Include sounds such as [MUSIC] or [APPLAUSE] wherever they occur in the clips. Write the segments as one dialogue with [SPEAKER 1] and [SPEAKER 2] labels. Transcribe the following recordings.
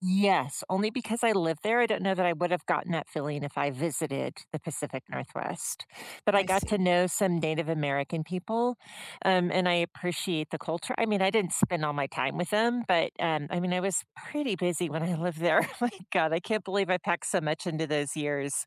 [SPEAKER 1] Yes, only because I live there, I don't know that I would have gotten that feeling if I visited the Pacific Northwest, but I
[SPEAKER 2] I
[SPEAKER 1] got to
[SPEAKER 2] see.
[SPEAKER 1] know some Native American people, um, and I appreciate the culture. I mean, I didn't spend all my time with 'em, but, um, I mean, I was pretty busy when I lived there. My god, I can't believe I packed so much into those years.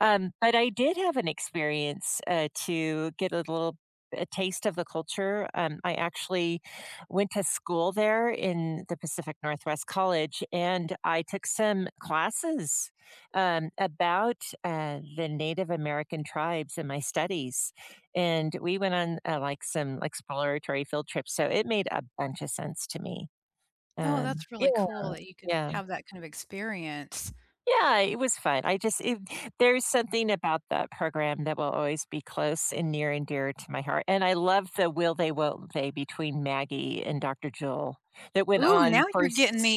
[SPEAKER 1] Um, but I did have an experience, uh, to get a little a taste of the culture. Um, I actually went to school there in the Pacific Northwest College, and I took some classes, um, about, uh, the Native American tribes and my studies, and we went on, uh, like, some exploratory field trips, so it made a bunch of sense to me.
[SPEAKER 2] Oh,
[SPEAKER 1] Um,
[SPEAKER 2] that's really
[SPEAKER 1] yeah.
[SPEAKER 2] cool that you could
[SPEAKER 1] Yeah.
[SPEAKER 2] have that kind of experience.
[SPEAKER 1] Yeah, it was fun. I just it there's something about that program that will always be close and near and dear to my heart, and I love the will-they, won't-they between Maggie and Doctor Joel that went
[SPEAKER 2] Ooh,
[SPEAKER 1] on
[SPEAKER 2] now you're
[SPEAKER 1] first
[SPEAKER 2] getting me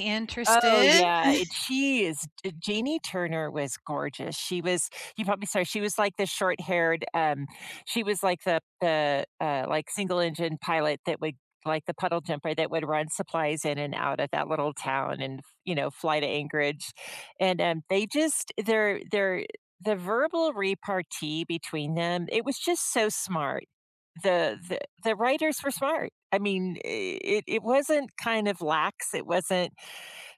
[SPEAKER 1] Oh,
[SPEAKER 2] interested.
[SPEAKER 1] yeah, it
[SPEAKER 2] [CHUCKLES]
[SPEAKER 1] she is Jeanie Turner was gorgeous. She was you probably saw her. She was, like, the short-haired um she was like the the, uh, like, single-engine pilot that would, like, the puddle-jumper that would run supplies in and out of that little town and, you know, fly to Anchorage. And, um, they just their their the verbal repartee between them, it was just so smart. The the the writers were smart. I mean, it it wasn't kind of lax. It wasn't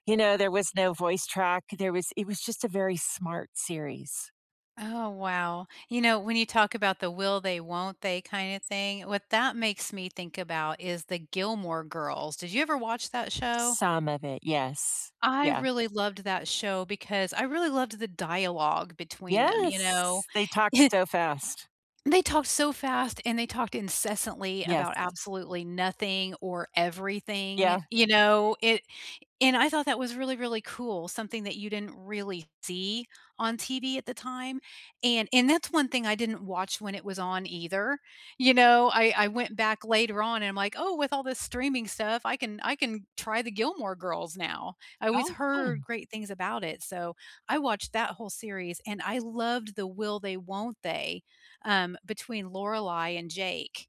[SPEAKER 1] you know, there was no voice track. There was it was just a very smart series.
[SPEAKER 2] Oh, wow. You know, when you talk about the will-they, won't-they kind of thing, what that makes me think about is the Gilmore Girls. Did you ever watch that show?
[SPEAKER 1] Some of it, yes,
[SPEAKER 2] I
[SPEAKER 1] yeah.
[SPEAKER 2] really loved that show because I really loved the dialogue between them, you know?
[SPEAKER 1] Yes, they talked
[SPEAKER 2] [CHUCKLES]
[SPEAKER 1] so fast.
[SPEAKER 2] They talked so fast, and they talked incessantly
[SPEAKER 1] Yes.
[SPEAKER 2] about absolutely nothing or everything,
[SPEAKER 1] Yeah.
[SPEAKER 2] you know? It and I thought that was really, really cool, something that you didn't really see on TV at the time, and and that's one thing I didn't watch when it was on either, you know, I I went back later on, I'm, like, "Oh, with all this streaming stuff, I can I can try the Gilmore Girls now, I always
[SPEAKER 1] Oh,
[SPEAKER 2] heard
[SPEAKER 1] fun.
[SPEAKER 2] great things about it," so I watched that whole series, and I loved the will-they, won't-they, um, between Lorelei and Jake.